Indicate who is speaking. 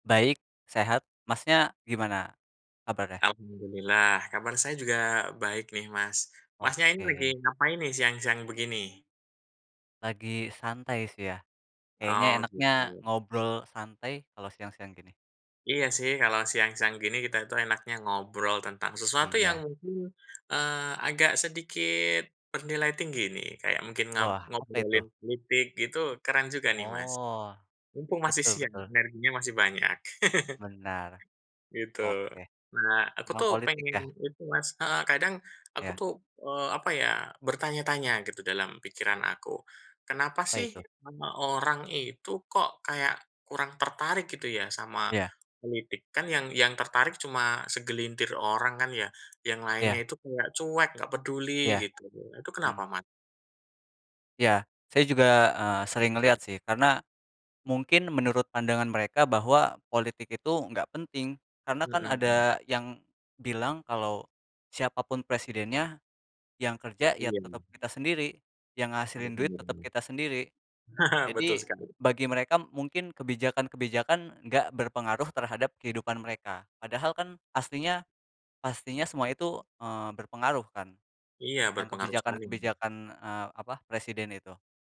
Speaker 1: Baik, sehat. Masnya gimana kabarnya?
Speaker 2: Alhamdulillah kabar saya juga baik nih Mas. Masnya ini lagi
Speaker 1: Oke.
Speaker 2: ngapain nih siang-siang begini?
Speaker 1: Lagi santai sih ya. Kayaknya
Speaker 2: Oh
Speaker 1: enaknya
Speaker 2: gitu.
Speaker 1: ngobrol santai kalau siang-siang gini.
Speaker 2: Iya sih kalau siang-siang gini, kita itu enaknya ngobrol tentang sesuatu yang
Speaker 1: Iya.
Speaker 2: mungkin, eee, agak sedikit bernilai tinggi nih, kayak mungkin ngap
Speaker 1: Wah apa itu?
Speaker 2: ngobrolin politik gitu, keren juga nih Mas.
Speaker 1: Oh,
Speaker 2: Mumpung masih
Speaker 1: betul
Speaker 2: siang nih,
Speaker 1: betul.
Speaker 2: energinya masih banyak.
Speaker 1: Benar.
Speaker 2: Gitu.
Speaker 1: Oke.
Speaker 2: Nah, aku
Speaker 1: Tentang
Speaker 2: tuh
Speaker 1: politik
Speaker 2: pengen
Speaker 1: ya.
Speaker 2: itu Mas heeh, kadang aku
Speaker 1: Iya.
Speaker 2: tuh, eee, apa ya, bertanya-tanya gitu dalam pikiran aku, "Kenapa
Speaker 1: Apa
Speaker 2: sih
Speaker 1: itu?
Speaker 2: semua orang itu kok kayak kurang tertarik," gitu ya, "sama
Speaker 1: Iya.
Speaker 2: politik." Kan yang yang tertarik cuma segelintir orang kan ya, yang lainnya
Speaker 1: Iya.
Speaker 2: itu kayak cuek, enggak peduli
Speaker 1: Iya.
Speaker 2: gitu, nah itu kenapa
Speaker 1: Hmm.
Speaker 2: ma
Speaker 1: Iya. Saya juga, eee, sering ngelihat sih karena mungkin menurut pandangan mereka bahwa politik itu enggak penting karena kan
Speaker 2: Hmm.
Speaker 1: ada yang bilang kalau, "Siapa pun presidennya yang kerja ya tetap
Speaker 2: Iyem.
Speaker 1: kita sendiri, yang
Speaker 2: Ada
Speaker 1: ngehasilin duit tetep
Speaker 2: benarnya.
Speaker 1: kita sendiri."
Speaker 2: Betul
Speaker 1: Jadi
Speaker 2: sekali.
Speaker 1: bagi mereka mungkin kebijakan-kebijakan enggak berpengaruh terhadap kehidupan mereka padahal kan aslinya pastinya semua itu, eee, berpengaruh kan
Speaker 2: Iya,
Speaker 1: tentang
Speaker 2: berpengaruh sekali. [unintelligible]
Speaker 1: kebijakan-kebijakan, eee, apa, presiden itu.